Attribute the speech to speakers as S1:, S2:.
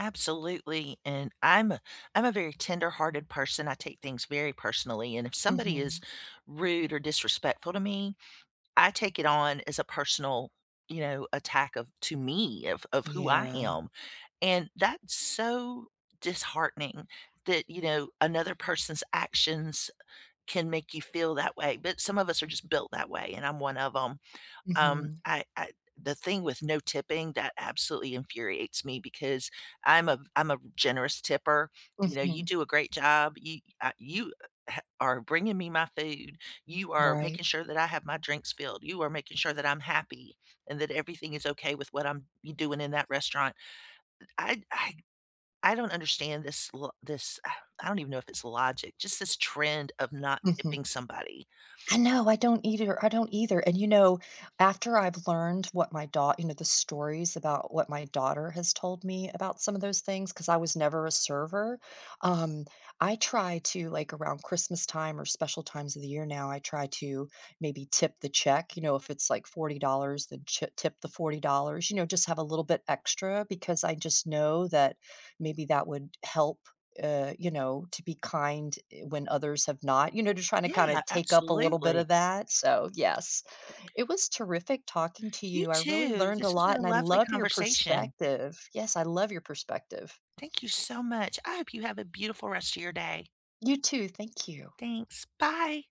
S1: Absolutely and I'm a I'm a very tenderhearted person I take things very personally and if somebody is
S2: Mhm.
S1: rude or disrespectful to me, I take it on as a personal, you know, attack of to me of of who I
S2: Yeah.
S1: am and that's so disheartening that, you know, another person's actions can make you feel that way, but some of us are just built that way and I'm one of 'em, um,
S2: Mhm.
S1: I I the thing with no tipping that absolutely infuriates me because I'm a v I'm a generous tipper, you know, you
S2: Mhm.
S1: do a great job, you uh, you, heh, are bringing me my food, you are
S2: Right.
S1: making sure that I have my drinks filled, you are making sure that I'm happy, and that everything is okay with what I'm y doing in that restaurant, i I I I don't understand this l this, I don't even know if it's logic, just this trend of not
S2: Mhm.
S1: tipping somebody.
S2: I know, I don't either, I don't either and, you know, after I've learned what my daugh you know, the stories about what my daughter has told me about some of those things- 'cause I was never a server- um, I try to like, around Christmas time or special times of the year now, I try to, maybe tip the check, you know? If it's, like, $40 dollars then chip tip the $40 dollars, you know, just have a little bit extra because I just know that maybe that would help, uh, you know, to be kind, eh, when others have not, you know? Just trying to, kinda
S1: Yeah,
S2: take up a little bit
S1: absolutely.
S2: of that, so yes, it was terrific talking to
S1: You
S2: you I really
S1: too,
S2: learned a
S1: this has been
S2: lot
S1: a
S2: and I
S1: lovely
S2: love your
S1: conversation.
S2: perspective yes, I love your perspective.
S1: Thank you so much, I hope you have a beautiful rest a your day.
S2: You too, thank you.
S1: Thanks, bye.